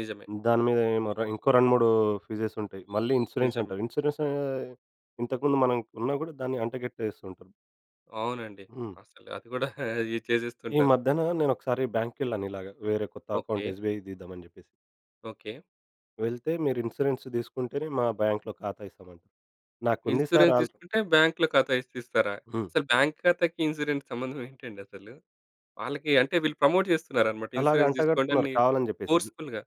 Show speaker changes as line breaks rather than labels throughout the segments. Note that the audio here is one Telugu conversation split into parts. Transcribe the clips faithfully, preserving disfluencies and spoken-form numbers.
నిజమే.
దాని మీద ఏమో ఇంకో రెండు మూడు ఫీజస్ ఉంటాయి. మళ్ళీ ఇన్స్యూరెన్స్
నిజమే.
అంటారు. ఇన్స్యూరెన్స్ ఇంతకు ముందు మనం ఉన్న కూడా దాన్ని అంటగట్టేస్తూ ఉంటారు.
అవునండి.
హ్మ్.
అసలు అది కూడా ఏ
ఈ
చేసేస్తుంటారు.
మధ్యన నేను ఒకసారి బ్యాంక్‌‌కెళ్ళాను. ఇలాగ వేరే కొత్త
ఓకే.
అకౌంట్ ఎస్‌బి‌ఐ తీద్దాం అని చెప్పేసి.
ఓకే.
వెళ్తే మీరు ఇన్స్యూరెన్స్ తీసుకుంటేనే మా బ్యాంక్‌‌లో ఖాతా వేస్తామంటారు. నాకుంది సార్
ఇన్స్యూరెన్స్
ఆల్రె
తీసుకుంటే బ్యాంక్‌లో ఖాతా ఏ‌సి తీస్తారా?
హ్మ్.
అసలు బ్యాంక్‌ ఖాతాకి ఇన్స్యూరెన్స్‌కి సంబంధం ఏంటండి అసలు? వాళ్ళకి అంటే వీళ్ళు ప్రమోట్ చేస్తున్నారన్నమాట
అలాగ
ఇన్స్యూరెన్స్
అంటగడుతున్నారు
తీసుకోండని
కావాలని చెప్పేసిది.
ఫోర్స్ఫుల్‌గా.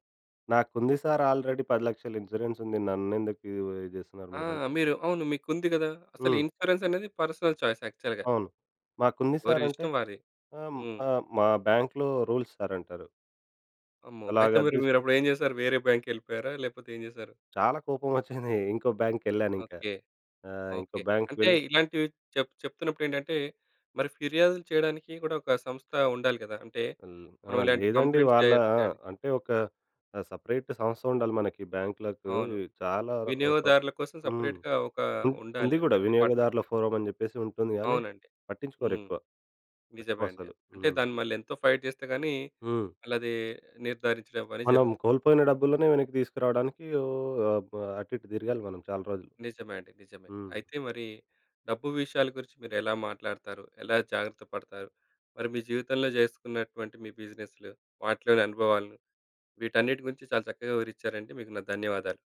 నాకుంది సార్ ఆల్రెడీ పది లక్షలు ఇన్స్యూరెన్స్ ఉంది. నన్నెందుకు ఇది చేస్తున్నారు
ఆ!
మీరు అంటే
మీరు అవును. మీకుంది కదా! అసలు
హ్మ్.
ఇన్స్యూరెన్స్ అనేది పర్సనల్ చాయిస్ యాక్చువల్‌గా.
అవును. మాకుంది సార్ అంటే
వారిష్టం వారి.
ఆహ్,
హ్మ్.
ఆహ్, మా బ్యాంక్‌‌లో రూల్స్ సార్ అంటారు.
అమ్మో! అయితే
అలాగా అది
మరి
తీసుకొని.
మీరప్పుడు ఏం చేశారు వేరే బ్యాంకేళ్ళిపోయారా? లేపోతే ఏం చేసారు?
చాలా కోపం వచ్చింది. ఇంకో బ్యాంక్‌‌కేళ్ళాను ఇంకా.
ఓకే.
ఆ! ఇంకో
ఓకే.
బ్యాంక్‌‌కి
అంటే
వెళ్ళి
ఇలాంటివి చెప్ చెప్తున్నప్పుడు ఏంటంటే మరి ఫిర్యాదులు చేయడానికి కూడా ఒక సంస్థ ఉండాలి కదా! అంటే
హ్మ్. ఆ!
మనం ఇలాంటి
లేదండి.
కంప్లెయింట్స్ చే
వాళ్ళ ఆ!
చేయా‌డా
అంటే ఒక ఆహ్, సెపరేట్ సంస్థ ఉండాలి మనకి బ్యాంక్‌లకు.
అవును.
ఇ చాలా ఆ! ప్ర
వినియోగదారుల కోసం
హ్మ్.
సెపరేట్‌గా ఒక
ఉంద్
ఉండాలి
ఉంది
ఒక
కూడా
డిపార్ట్మెంట్.
వినియోగదారుల ఫోరమ్ అని చెప్పేసి ఉంటుంది గాని
అవునండి.
పట్టించుకోరు
హ్మ్.
ఎక్కువ. ఎక్కువ
నిజమేండి.
అసలు.
అంటే
హ్మ్.
దాన్ని మళ్ళి ఎంతో ఫైట్ చేస్తే గాని
హ్మ్.
ఆళ్ళది నిర్ధారించడం అనే
మనం
జరుగుతు
కోల్పోయిన డబ్బులనే వెనక్కి తీసుకురావడానికి ఓహ్! అబ్ అటు ఇటు తిరగాలి మనం చాలా రోజులు.
నిజమే అండి. నిజమే.
హ్మ్.
అయితే మరి డబ్బు విషయాల గురించి మీరు ఎలా మాట్లాడతారు, ఎలా జాగ్రత్త పడతారు, మరి మీ జీవితంలో చేసుకున్నటువంటి మీ బిజినెస్‌లు వాటిలోని అనుభవాల‌ను, వీటన్నిటి గురించి చాలా చక్కగా వివరిచ్చారండి. మీకు నా ధన్యవాదాలు.